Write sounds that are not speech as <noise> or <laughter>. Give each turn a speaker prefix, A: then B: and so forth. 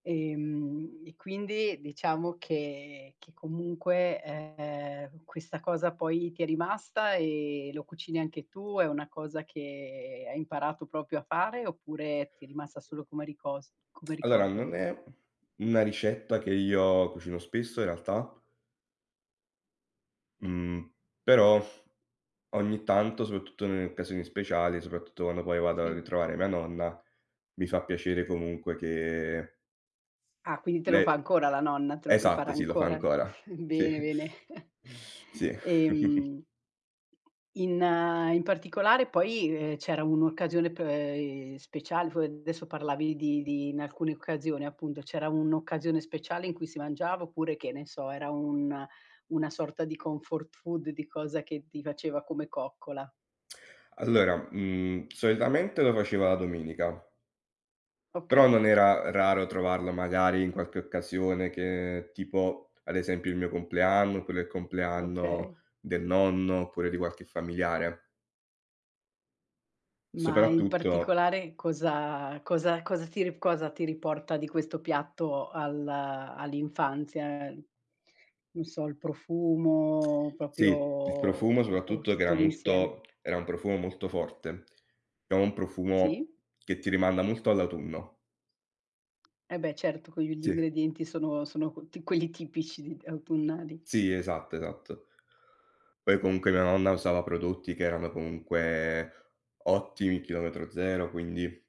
A: Ehm, e quindi diciamo che che comunque, ehm, questa cosa poi ti è rimasta e lo cucini anche tu, è una cosa che hai imparato proprio a fare, oppure ti è rimasta solo come ricos come
B: Allora,
A: ricordo?
B: non è una ricetta che io cucino spesso in realtà mhmm, però ogni tanto, soprattutto nelle occasioni speciali, soprattutto quando poi vado a
A: Sì.
B: ritrovare mia nonna, mi fa piacere comunque che
A: Ah, quindi te lo
B: lei
A: fa ancora la nonna, te lo prepara
B: esatto, sì, lo fa
A: ancora?
B: ancora.
A: <chuckles>
B: Sì.
A: Bene, bene. <chuckles>
B: <sucks teeth> Sì.
A: E,
B: <chuckles>
A: mhmm, in in particolare poi, ehm, c'era un'occasione p ehm, speciale, f adesso parlavi di di in alcune occasioni appunto, c'era un'occasione speciale in cui si mangiava oppure, che ne so, era un una sorta di comfort food, di cosa che ti faceva come coccola?
B: Allora, mhmm, solitamente lo faceva la domenica però
A: Okay.
B: non era raro trovarlo magari in qualche occasione che tipo, ad esempio il mio compleanno, oppure è il compleanno
A: Okay.
B: del nonno, oppure di qualche familiare
A: Ma in
B: soprattutto
A: particolare cosa cosa a cos ti ri cosa ti riporta di questo piatto al uhm, all'infanzia? Ehm, non so, il profumo proprio,
B: Sì, il profumo
A: o o
B: soprattutto che
A: tutto
B: era
A: l'insieme?
B: molto era un profumo molto forte, è un profumo
A: Sì.
B: che ti rimanda molto all'autunno.
A: Eh beh, certo, con gli
B: Sì.
A: ingredienti sono sono qu quelli tipici di t autunnali.
B: Sì, esatto, esatto. Poi comunque mia nonna usava prodotti che erano comunque ottimi, chilometro zero, quindi